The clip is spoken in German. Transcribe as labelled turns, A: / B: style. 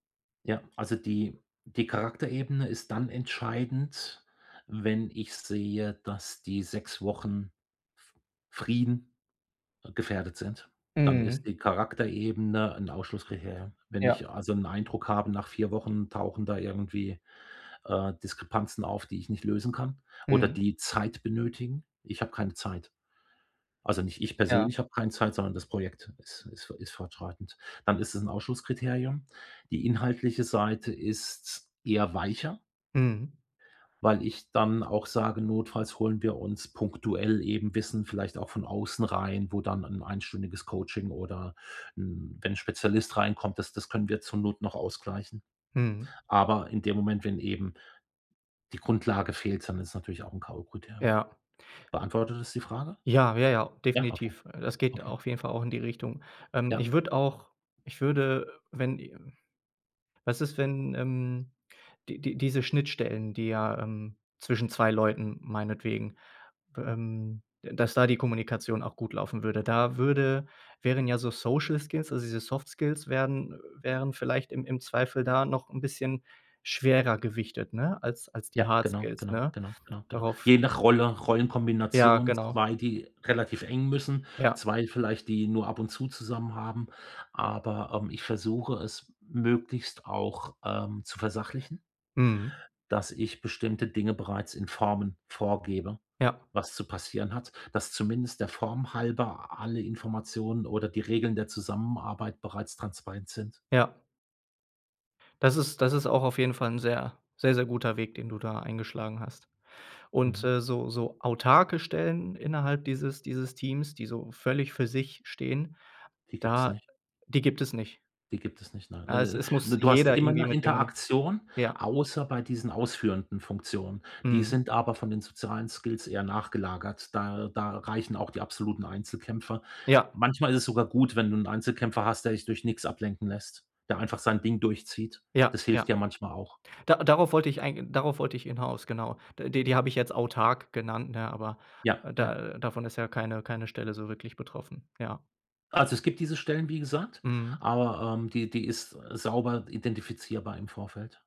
A: Ja, also die die Charakterebene ist dann entscheidend, wenn ich sehe, dass die 6 Wochen f Frieden gefährdet sind. Dann ist
B: Mhm.
A: die Charakterebene 'n Ausschlusskriterium. Wenn
B: Ja.
A: ich also, 'n Eindruck habe, nach 4 Wochen tauchen da irgendwie, äh, Diskrepanzen auf, die ich nicht lösen kann, oder
B: Mhm.
A: die Zeit benötigen. Ich habe keine Zeit. Also, nicht ich
B: Ja.
A: persönlich habe keine Zeit, sondern das Projekt ist ist fo ist fortschreitend. Dann ist es 'n Ausschlusskriterium. Die inhaltliche Seite ist eher weicher
B: Mhm.
A: weil ich dann auch sage: „Notfalls holen wir uns punktuell eben Wissen, vielleicht auch von außen rein, wo dann 'n einstündiges Coaching oder 'n wenn 'n Spezialist reinkommt, das das können wir zur Not noch ausgleichen.“
B: Mhm.
A: Aber in dem Moment, wenn eben die Grundlage fehlt, dann ist es natürlich auch 'n KO-Kriterium.
B: Ja.
A: Beantwortet das die Frage?
B: Ja. Ja, ja,
A: Ja. Okay.
B: definitiv. Das geht
A: Okay.
B: auf jeden Fall auch in die Richtung. Ähm, ich
A: Ja.
B: würde auch ich würde, wenn was ist, wenn, ähm die die diese Schnittstellen, die ja, ähm, zwischen 2 Leuten meinetwegen, ähm da dass da die Kommunikation auch gut laufen würde? Da würde wären ja so Social Skills, also diese Soft Skills werden wären vielleicht im im Zweifel da noch 'n bisschen schwerer gewichtet, ne? Als die
A: Ja,
B: Hard
A: genau,
B: Skills,
A: genau,
B: ne?
A: genau, genau, genau.
B: Darauf
A: Je nach Rolle,
B: Ja
A: Rollenkombination
B: genau.
A: 2, die relativ eng müssen,
B: Ja.
A: 2 vielleicht, die nur ab und zu zusammen haben. Aber, ähm, ich versuche es möglichst auch, ähm, zu versachlichen
B: Mhm.
A: dass ich bestimmte Dinge bereits in Formen vorgebe,
B: Ja.
A: was zu passieren hat, dass zumindest der Form halber alle Informationen oder die Regeln der Zusammenarbeit bereits transparent sind.
B: Ja. Das ist das ist auch auf jeden Fall 'n sehr, sehr, sehr guter Weg, den du da eingeschlagen hast. Und,
A: Mhm.
B: äh, so so autarke Stellen innerhalb dieses dieses Teams, die so völlig für sich stehen,
A: Die gibt's
B: da
A: nicht.
B: die gibt es nicht?
A: Die gibt es nicht, nein.
B: Ja e es muss muss
A: Äh, du hast
B: jeder
A: immer
B: irgendwie
A: 'ne
B: mit ihrem
A: Interaktion,
B: ja.
A: außer bei diesen ausführenden Funktionen. Die
B: Mhm.
A: sind aber von den sozialen Skills eher nachgelagert. Da da reichen auch die absoluten Einzelkämpfer.
B: Ja.
A: Manchmal ist es sogar gut, wenn du 'n Einzelkämpfer hast, der sich durch nix ablenken lässt, der einfach sein Ding durchzieht.
B: Ja,
A: Das
B: ja.
A: hilft ja manchmal auch.
B: Da darauf wollte ich eigen darauf wollte ich hinaus, genau. Die die habe ich jetzt autark genannt, ne? Aber
A: Ja, ja.
B: da davon ist ja keine keine Stelle so wirklich betroffen. Ja.
A: Also, es gibt diese Stellen, wie gesagt,
B: Mhm.
A: aber, ähm, die die ist sauber identifizierbar im Vorfeld.